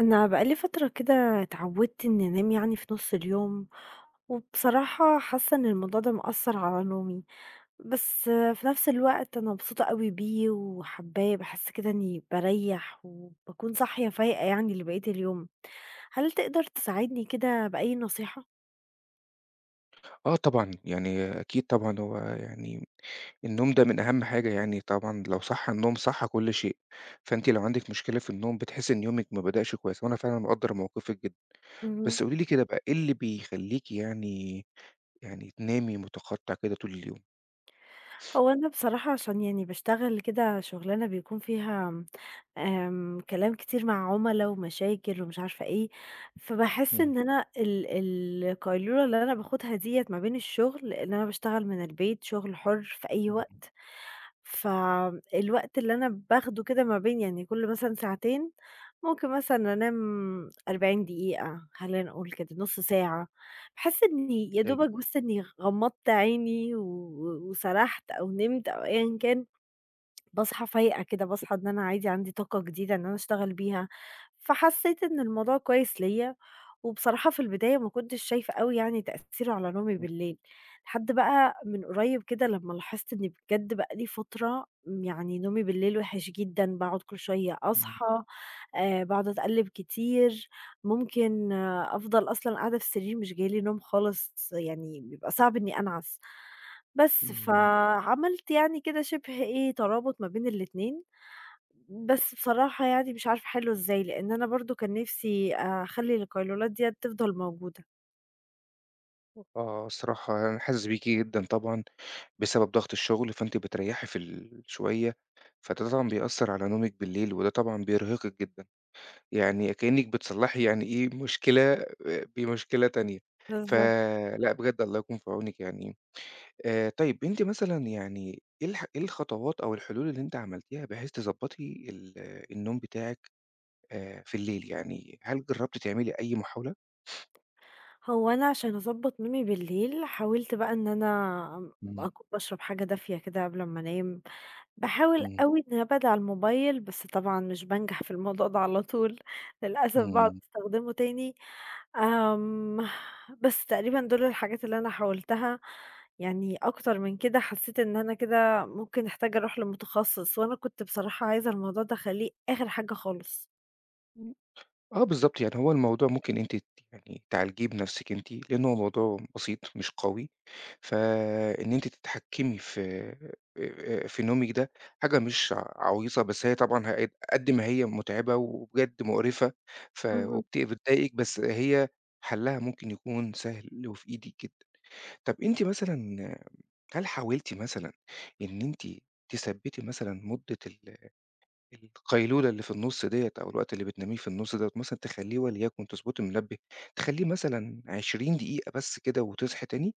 أنا بقى لي فترة كده اتعودت إني أنام يعني في نُص اليوم، وبصراحة حاسة إن الموضوع ده مأثّر على نومي، بس في نفس الوقت أنا مبسوطة أوي بيه، وحابّاه باحس كده إنّي بارَيّح وباكون صاحية فايقة يعني لبقية اليوم، هل تقدر تساعدني كده بأي نصيحة؟ آه طبعًا. يعني أكيد طبعًا، هو يعني النوم ده من أهم حاجة يعني طبعًا لو صح النوم صح كل شيء، فأنتِ لو عندِك مشكلة في النوم، بتحسي إن يومِك ما بدأش كويس، وأنا فعلًا مقدر موقفِك جدًا، اهم. بس قولي لي كده بقى، إيه اللي بيخلّيكِ يعني، يعني تنامي مُتَقطّع كده طول اليوم؟ هو أنا بصراحة عشان يعني باشتغل كده شغلانة بيكون فيها آمم كلام كتير مع عُملا، ومشاكل ومش عارفة إيه، فباحس إمم. إن أنا ال القيلولة اللي أنا باخدها ديّة ما بين الشغل لأن أنا باشتغل من البيت شغل حر في أي امم، امم. وقت، ف الوقت اللي أنا باخده كده ما بين يعني كل مثلًا ساعتين، ممكن مثلًا أنام 40 دقيقة، خلّينا نقول كده، نُص ساعة، باحس إني يا دوبك أيوه. بس إني غمضت عيني و وسرحت أو نِمت أو أيًا كان باصحى فايقة كده، باصحى إن أنا عادي عندي طاقة جديدة إن أنا أشتغل بيها، فحسيت إن الموضوع كويس ليَّ، وبصراحة في البداية ما كنتش شايفة أوي يعني تأثير على نومي امم. بالليل لحد بَقى من قُريب كده لمّا لاحظت إني بجد بقى لى فترة، يعني نومي بالليل وحش جدًا باقعد كل شوية امم أصحى آآ باقعد أتقلِّب كتير ممكن أفضل أصلًا قاعدة في السرير مش جاي لي نوم خالص، يعني بيبقى صعب إني أنعس. بس، امم. فعملت يعني كده شِبه إيه ترابط ما بين الإتنين، بس بصراحة يعني مش عارفة أحِلُّه إزاي، لأن أنا برضه كان نفسي أخَلّي القيلولات ديّة تفضل موجودة. آه، الصراحة أنا حاسِس بيكِ جدًا طبعًا بسبب ضغط الشُغل، فأنتِ بتريّحي في الشوية، فده طبعًا بيأثّر على نومِك بالليل وده طبعًا بيرهقِك جدًا. يعني كإنِّك بتصلّحي يعني إيه، مشكلة آآ بمشكلة تانية، بالضبط. فلأ بجد الله يكون في عونِك يعني. آآ طيب، أنتِ مثلًا يعني إيه الح إيه الخطوات أو الحلول اللي أنتِ عملتيها بحيث تضبّطي ال النوم بتاعِك آآ في الليل؟ يعني هل جرّبتِ تعملي أي محاولة؟ هو أنا علشان أضبَّط نومي بالليل، حاولت بقى إن أنا ام إمم. أك باشرب حاجة دافية كده قبل أمّا أنام. باحاول إمم. أوي إن أبعد عن الموبايل، بس طبعًا مش بانجح في الموضوع ده على طول، للأسف باقعُد إمم. استخدمه تاني آمم بس تقريبًا دُول الحاجات اللي أنا حاولتها يعني أكتر من كده حسّيت إن أنا كده ممكن أحتاج أروح لمُتخصّص وأنا كنت بصراحة عايزة الموضوع ده أخلّيه آخِر حاجة خالص. آه بالضبط. يعني هو الموضوع ممكن أنتِ ت يعني تعالجيه بنَفْسِك أنتِ، لإن هو موضوع بسيط مش قوي. فإن أنتِ تتحكّمي في آآ في نومِك ده حاجة مش ع عَويصة، بس هي طبعًا ه قد قد ما هي مُتعبة وبجد مُقرِفَة ف اهم. وبت بتضايقِك، بس هي حلّها ممكن يكون سهل وفي إيدِك جدًا. طَب أنتِ مثلًا هل حاولتِ مثلًا إن أنتِ تثبّتي مثلًا مُدّة ال القيلولة اللي في النُص ديّة أو الوقت اللي بتناميه في النُص دوّة مثلًا تخلّيه وليَكُن تضبُطي المنبه تخلّيه مثلًا 20 دقيقة بس كده وتصحي تاني؟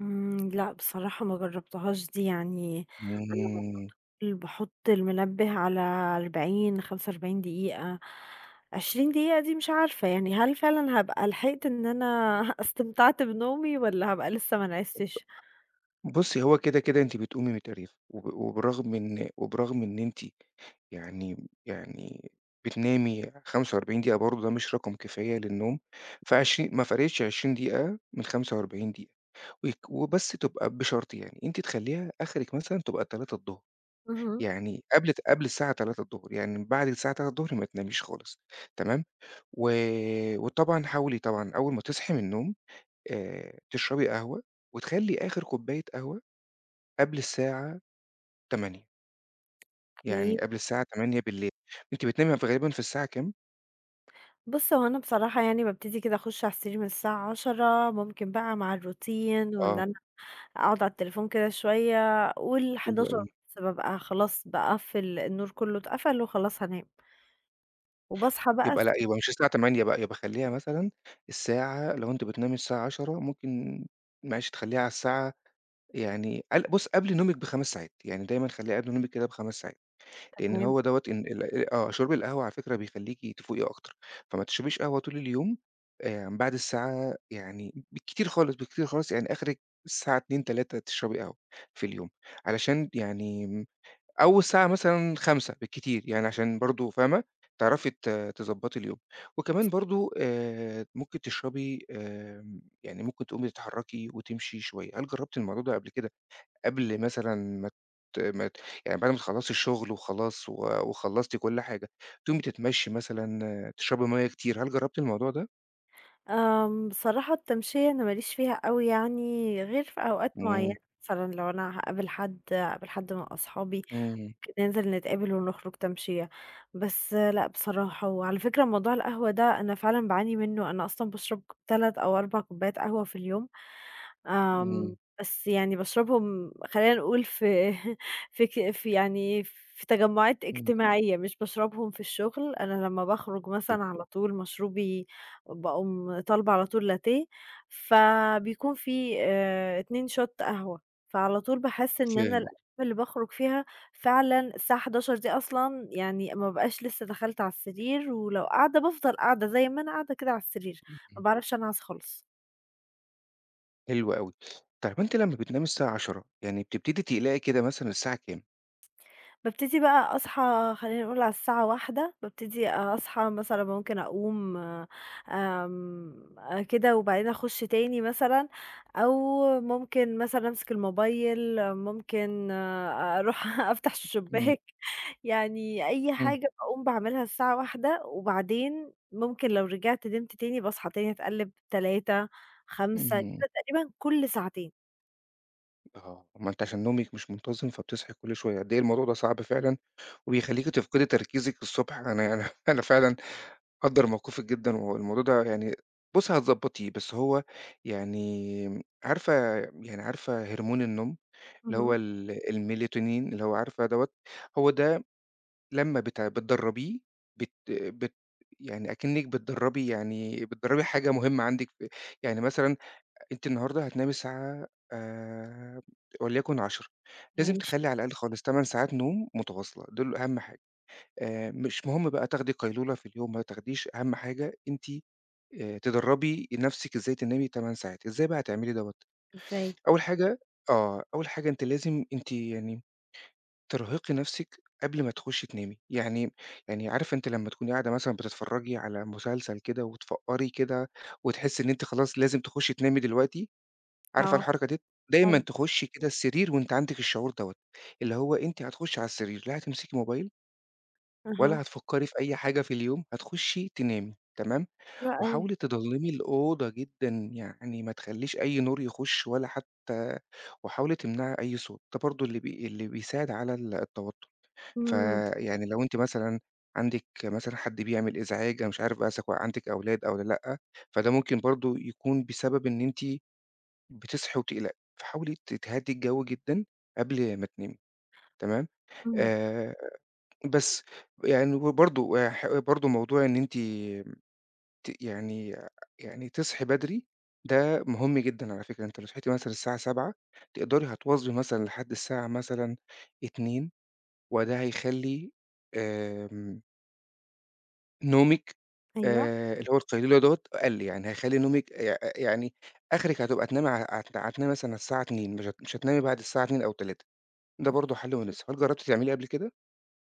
إمم، لأ بصراحة ما جربتهاش دي يعني أنا [unintelligible] امم. باحط المنبه على 40، 45 دقيقة، 20 دقيقة دي مش عارفة يعني، هل فعلًا هابقى لحقت إن أنا استمتَعت بنومي والّا هابقى لسه ما نعستش؟ [unintelligible] بصّي هو كده كده أنتِ بتقومي متقريفة وب وبرغم إن وبرغم إن أنتِ يعني يعني بتنامي 45 دقيقة برضه ده مش رقم كفاية للنوم، فعشر ما فرقتش 20 دقيقة من 45 دقيقة، ويك وبس تُبقى بشرط يعني، أنتِ تخلّيها آخرِك مثلًا تُبقى 15:00، اهم. يعني قبل قبل الساعة 15:00، يعني من بعد الساعة 15:00 ما تناميش خالص، تمام، و وطبعًا حاولي طبعًا أول ما تصحي من النوم، آآ، تشربي قهوة، وتخلّي آخر كوباية قهوة قبل الساعة 20:00 يعني Okay. قبل الساعة 20:00، أنتِ بتنامي في غالبًا في الساعة كام؟ بُص هو أنا بصراحة يعني بابتدي كده أخش على السرير من الساعة 22:00 ممكن بقى مع الRoutine وإن آه. أنا أقعد على التليفون كده شوية، قُل حلو حداشر أوي. ونُص بابقى خلاص باقفِّل النور كله، اتقفَل وخلاص هانام. وباصحى بقى يبقى الس لأ يبقى مش الساعة 20:00 بقى، يبقى خلّيها مثلًا الساعة لو أنتِ بتنامي الساعة 22:00 ممكن معلش تخلّيها على الساعة يعني قل بُص قبل نومِك ب5 ساعات، يعني دايمًا خلّيها قبل نومِك كده ب5 ساعات، لإن تمام. هو دوّة إن ال آه، شرب القهوة على فكرة بيخليكِ تفوقي أكتر، فما تشربيش قهوة طول اليوم، آمم، بعد الساعة يعني بالكتير خالص، بالكتير خالص يعني آخرك الساعة 14:00 15:00 تشربي قهوة في اليوم، علشان يعني أو الساعة مثلًا 17:00 بالكتير يعني علشان برضه فاهمة، تعرفي ت تضبطي اليوم، وكمان برضه، آآ، ممكن تشربي، آمم، يعني ممكن تقومي تتحركي وتمشي شوية. هل جربتِ الموضوع ده قبل كده، قبل مثلًا ما ت ما ت يعني بعد ما تخلصي الشغل وخلاص و وخلصتِ كل حاجة، تقومي تتمشي مثلًا، تشربي مَيَّة كتير، هل جربتِ الموضوع ده؟ آمم بصراحة التمشية أنا ما ليش فيها أوي يعني غير في أوقات معينة إمم. مثلًا لو أنا هاقابل حد، هاقابل حد من أصحابي امم. ك ننزل نتقابل ونخرج تمشية، بس لأ بصراحة، وعلى فكرة موضوع القهوة ده، أنا فعلًا باعاني منه، أنا أصلًا باشرب ك 3 أو 4 كوبّايات قهوة في اليوم، آمم إمم. بس يعني باشربهم خلّينا نقول في في ك في يعني في تجمُعات إمم. اجتماعية، مش باشربهم في الشغل، أنا لمّا باخرج [unintelligible] مثلًا على طول مشروبي باقوم طالبة على طول لاتيه، فبيكون في آآ اتنين Shot قهوة فعلى طول باحس إن أنا فاهم آه. الأيّام اللي باخرج فيها فعلًا الساعة 23:00 دي أصلًا يعني ما ابقاش لسّه دَخلت علي السرير، ولو قاعدة بافضل قاعدة زي ما أنا قاعدة كده علي السرير، اهم. ما باعرفش أنعَس خالص. حلو أوي طيب أنتِ لمّا بتنامي الساعة 22:00 يعني بتبتدي تقلقي كده مثلًا الساعة كام؟ بابتدي بقى أصحى خلّينا نقول على الساعة 01:00 بابتدي أصحى مثلًا، ممكن أقوم آمم أ كده وبعدين أخُش تاني مثلًا، أو ممكن مثلًا أمسك الموبايل، ممكن أروح أفتح إمم. الشُباك، يعني أي إمم. حاجة باقوم باعملها الساعة 01:00 وبعدين، ممكن لو رجعت نمت تاني، باصحى تاني اتقلِّب 03:00 05:00 اهم. كده تقريبًا كلّ ساعتين. آه، ما أنتِ عشان نومِك مش منتظم فبتصحي كل شوية. قد إيه الموضوع ده صعب فعلًا وبيخلّيكِ تفقدي تركيزِك الصبح، أنا يعني أنا فعلًا مقدّر موقفِك جدًا والموضوع ده يعني بُصّي هتضبّطيه، بس هو يعني عارفة يعني عارفة هرمون النوم اللي هو اهم. ال الميلاتونين اللي هو عارفة دوّة؟ هو ده لمّا بتع بتدرّبيه، بت بت يعني أكنِّك بتدرّبي يعني بتدرّبي حاجة مهمة عندِك في يعني مثلًا أنتِ النهاردة هتنامي الساعة آمم وليَكُن 22:00، لازم ماشي. تخلّي على الأقل خالص 8 ساعات نوم متواصلة دول أهَم حاجة. آآ مش مهم بقى تاخدي قيلولة في اليوم ما تاخديش، أهَم حاجة أنتِ آآ تدرّبي نَفْسِك إزاي تنامي 8 ساعات. إزاي بقى هتعملي دوّة؟ إزاي؟ أول حاجة آه. أول حاجة أنتِ لازم أنتِ يعني ترهقي نَفْسِك قبل ما تخُشّي تنامي. يعني يعني عارفة أنتِ لمّا تكوني قاعده مثلًا بتتفرّجي على مسلسل كده وتفقّري كده وتحسّي إن أنتِ خلاص لازم تخُشّي تنامي؟ دلوقتي عارفة آه. الحركة ديّة؟ دايمًا حلو. تخُشّي كده السرير وأنتِ عندِك الشعور دوّة، اللي هو أنتِ هتخُشّي على السرير لا هتمسكي موبايل ولا أها. هتفكري في أي حاجة في اليوم هتخشّي تنامي، تمام، حلو أوي. وحاولي تضلّمي الأوضة جدًا، يعني ما تخلّيش أي نور يخُش ولا حتّى وحاولي تمنعي أي صوت، ده برضو اللي بي اللي بيساعد على التوتّر، امم. فيعني لو أنتِ مثلًا عندِك مثلًا حد بيعمل إزعاج أنا مش عارف بقى إذا عندِك أولاد أو ل لأ، فده ممكن برضو يكون بسبب إن أنتِ بتصحي وبتقلقي، فحاولي ت تهدّي الجو جدًا قبل ما تنامي، تمام، امم. آآ، بس، يعني ب برضو ويح برضو موضوع إن أنتِ ت يعني يعني تصحي بدري، ده مُهم جدًا على فكرة، أنتِ لو صحيتِ مثلًا الساعة 07:00 تقدري هتواظبي مثلًا لحد الساعة مثلًا 02:00، وده هيخلّي آمم نومِك، أيوه. آآ، اللي هو القيلُولة دوّة أقل، يعني هيخلّي نومِك يأ ي يعني آخرِك هتبقى تنامي ع عت هتنامي مثلًا على الساعة 02:00 مش هت مش هتنامي بعد الساعة 02:00 أو 03:00 ده برضو حل [unintelligible] مناسب، هل جربتِ تعمليه قبل كده؟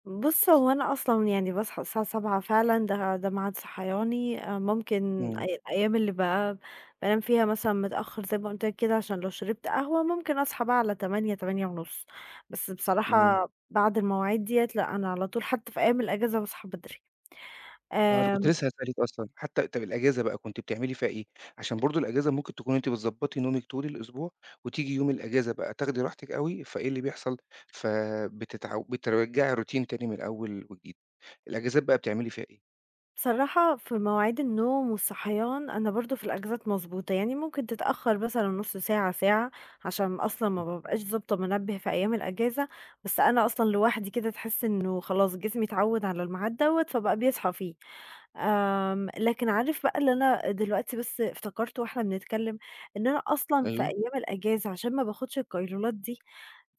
بُصّ هو أنا أصلًا يعني باصحى الساعة 07:00 فعلًا ده ده ميعاد صحياني، آآ، مُمكن امم. أي أيّام اللي بقى بانام فيها مثلًا متأخّر زي ما قُلت لك كده عشان لو شربت قهوة مُمكن أصحى بقى على 08:00 08:30 بس امم. بصراحة بعد المواعيد ديّة لأ، أنا على طول حتّى في أيّام الأجازة باصحى بدري، آه أنا كنت آمم لسه هاسألِك أصلًا حتّى طب الأجازة بقى كنتِ بتعملي فيها إيه، عشان برضو الأجازة مُمكن تكوني أنتِ بتضبّطي نومِك طول الأسبوع، وتيجي يوم الأجازة بقى تاخدي راحتِك أوي فإيه اللي بيحصل، فَبتتعو بترجّعي الroutine تاني من الأول وجديد، الأجازات بقى بتعملي فيها إيه؟ بصراحة في مواعيد النوم والصحيان أنا برضو في الأجازات مضبوطة، يعني مُمكن تتأخر مثلًا نُص ساعة، ساعة عشان أصلًا ما بابقاش ضابطة منبه في أيام الأجازة، بس أنا أصلًا لوحدي كده تحس إنه خلاص جسمي اتعوّد على الميعاد دوّة فبقى بيصحى فيه، آمم، لكن عارف بقى اللي أنا دلوقتي بس افتكرته واحنا بنتكلم إن أنا أصلًا في أيوه أيام الأجازة عشان ما باخدش القيلولات دي،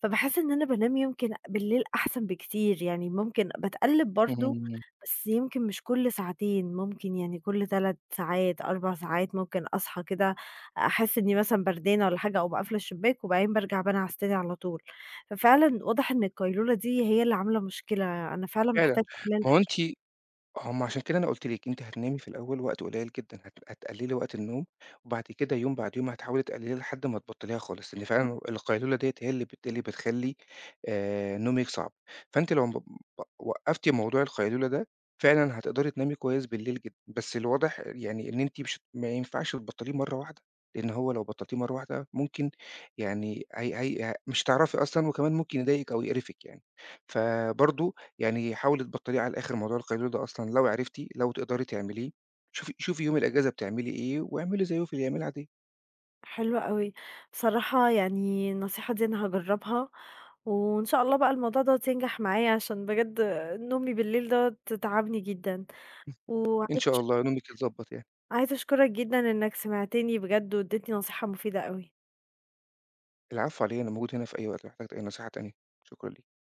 فباحس إن أنا بانام يمكن بالليل أحسن بكتير، يعني مُمكن باتقلّب برضو اهم. بس يمكن مش كُلّ ساعتين، مُمكن يعني كُلّ 3 ساعات 4 ساعات مُمكن أصحى كده أحس إني مثلًا بردانة والّا حاجة، أقوم قافلة الشباك وبعدين بارجع بانعس تاني على طول، ففعلًا واضح إن القيلولة دي هي اللي عاملة مشكلة، أنا فعلًا فعلًا، محتاجة ما هو أقللها. أنتِ هُم عشان كده أنا قُلت لِك أنتِ هتنامي في الأول وقت قليّل جدًا، هت هتقللي وقت النوم وبعد كده يوم بعد يوم هتحاولي تقلليها لحد ما تبطليها خالص، لأن فعلًا إمم. ال القيلولة ديّة هي اللي بت اللي بتخلّي آآ، نومِك صعب، فأنتِ لو مب وق وقّفتِ موضوع القيلولة ده فعلًا هتقدري تنامي كويس بالليل جدًا، بس الواضح يعني إن أنتِ مش ما ينفعش تبطليه مَرّة واحدة، لأن هو لو بطلتيه مَرّة واحدة مُمكن يعني هي هي آآ، مش هتعرفي أصلًا وكمان مُمكن يضايقِك أو يقرفِك يعني، فبرضو يعني حاولي تبطليه على الآخر موضوع القيلولة ده أصلًا لو عرفتِ لو تقدري تعمليه، شوفي شوفي يوم الأجازة بتعملي إيه واعملي زيه في الأيام العادية. حلو أوي، صراحة يعني النصيحة دي أنا هاجربها وإن شاء الله بقى الموضوع دوّة ينجح معايا عشان بجد نومي بالليل دوّة تعبني جدًا [unintelligible] و إن شاء [unintelligible] الله نومِك يتضبّط يعني. عايزة أشكرك جدًا إنك سمعتني بجد واديتني نصيحة مفيدة أوي. العفو على إيه أنا موجود هنا في أي وقت لو احتجتِ أي نصيحة تانية، شكرًا ليكِ